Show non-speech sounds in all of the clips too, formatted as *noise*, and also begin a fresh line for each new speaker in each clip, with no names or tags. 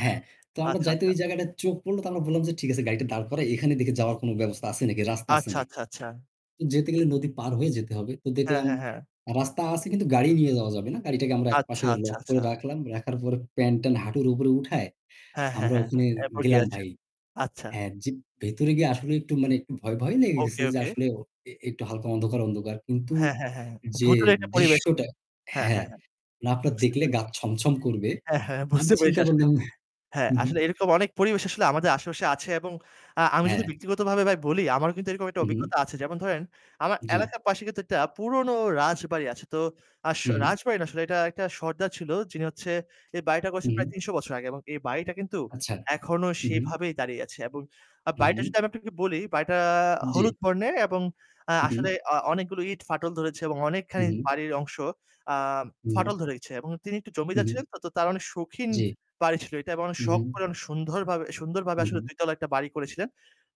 হ্যাঁ। তো আমরা
আচ্ছা,
যাইতে
আচ্ছা।
ওই জায়গাটা চোখ পড়লো। তো আমরা বললাম যে ঠিক আছে গাড়িটা দাঁড় করাই, এখানে দেখে যাওয়ার কোন ব্যবস্থা আছে নাকি, রাস্তা আছে
আচ্ছা,
নাকি?
আচ্ছা, আচ্ছা।
তো যেতে গেলে নদী পার হয়ে যেতে হবে। তো
হ্যাঁ,
দেখলাম
হ্যাঁ, হ্যাঁ।
রাস্তা আছে কিন্তু গাড়ি নিয়ে যাওয়া যাবে না। গাড়িটাকে আমরা
আচ্ছা,
একপাশে
আচ্ছা,
লক করে
আচ্ছা।
রাখলাম। রাখার পরে প্যান্ট-ট্যান্ট হাঁটুর উপরে উঠায়
হ্যাঁ, হ্যাঁ,
আমরা
হ্যাঁ।
ওখানে
এরপর কি
গেলাম
আছে?
ভাই।
আচ্ছা।
হ্যাঁ, যে ভেতরে গিয়ে আসলে একটু মানে একটু ভয়, ভয়, লেগে গেছে
ওকে,
যে
ওকে।
আসলে ও এ একটু হালকা অন্ধকার, অন্ধকার। কিন্তু
হ্যাঁ, হ্যাঁ, হ্যাঁ।
যে
ভূতুড়ে একটা পরিবেশ।
দৃশ্যটা
হ্যাঁ,
হ্যাঁ,
হ্যাঁ, হ্যাঁ।
না আপনার
বুঝতে
দেখলে গা
পেরেছি।
ছমছম করবে।
হ্যাঁ, হ্যাঁ,
আমি
বুঝতে পেরেছি
চিন্তা
আসলে
করলাম
হ্যাঁ,
হু, হু।
আসলে এরকম অনেক পরিবেশ আসলে আমাদের আশেপাশে আছে এবং আ আমি যদি
হ্যাঁ।
ব্যক্তিগতভাবে ভাই বলি, আমারও কিন্তু এরকম একটা
উ-হুম।
অভিজ্ঞতা আছে। যেমন ধরেন আমার
জি।
এলাকার পাশে কিন্তু একটা পুরনো রাজবাড়ি আছে। তো আস
হুম
রাজবাড়ি না আসলে এটা একটা সর্দার ছিল যিনি হচ্ছে এই বাড়িটা করেছেন প্রায়
হুম।
৩০০ বছর আগে এবং এই বাড়িটা কিন্তু
আচ্ছা।
এখনো
উ-হুম।
সেইভাবেই দাঁড়িয়ে আছে। এবং
হু,
বাড়িটা
হু।
যদি আমি আপনাকে বলি, বাড়িটা
জি।
হলুদ বর্ণের এবং আ
হু,
আসলে
হু।
অ অনেকগুলো ইট ফাটল ধরেছে এবং
হু,
অনেকখানি
হু।
বাড়ির অংশ আ
হু, হু।
ফাটল ধরেছে এবং তিনি একটু
হু,
জমিদার
হু।
ছিলেন তো তার অনেক সৌখীন
জি।
বাড়ি ছিল এটা এবং
হু,
সখ
হু।
করে অনেক সুনধর সুন্দরভাবে
হু,
আসলে
হু।
২ তলা একটা বাড়ি করেছিলেন।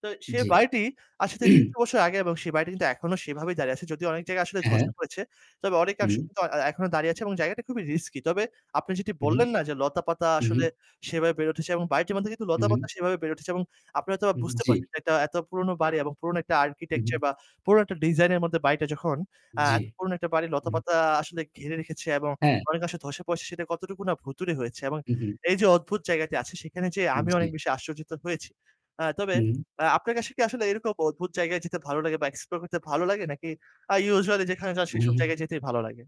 তো সেই
জি।
বাড়িটি আসলে ৩০০
*clears throat*
বছর আগে এবং সেই বাড়িটি কিন্তু এখনো সেইভাবেই দাঁড়িয়ে আছে। যদিও অনেক জায়গা আসলে
হ্যাঁ।
ধসে পড়েছে। তবে অনেক অংশ
হু।
কিন্তু এ্যা এ্যা এখনো দাঁড়িয়ে আছে এবং জায়গাটা খুবই risky। তবে আপনি যেটি
হু, হু।
বললেন না যে লতাপাতা
হু,
আসলে
হু।
সেভাবে বের হচ্ছে এবং বাড়িটির মধ্যে কিন্তু
হু,
লতাপাতা
হু।
সেভাবে বের উঠেছে। এবং আপনারা হয়তোবা বুঝতে
উ-জি।
পারছেন যে এটা এত পুরনো বাড়ি এবং পুরনো একটা
হুম।
architecture বা পুরনো একটা designer এর মধ্যে বাড়িটা যখন, আ
জি।
এত পুরনো একটা বাড়ি
উম।
লতাপাতা আসলে ঘিরে রেখেছে এবং
হ্যাঁ।
অনেক অংশ ধসে পড়সে সেটা কতটুকু না ভূতুড়ে হয়েছে। এবং
উ-হু।
এই যে অদ্ভুত জায়গাটি আছে সেখানে যেয়ে আমিও
জি।
অনেক বেশি আশ্চর্যজিত হয়েছি। আ তবে
হু।
আ আপনার কাছে কি আসলে এরকম অদ্ভুত জায়গায় যেতে ভালো লাগে বা explore করতে ভালো লাগে নাকি আ usually যেখানে যান সেসব
হু।
জায়গায় যেতেই ভালো লাগে?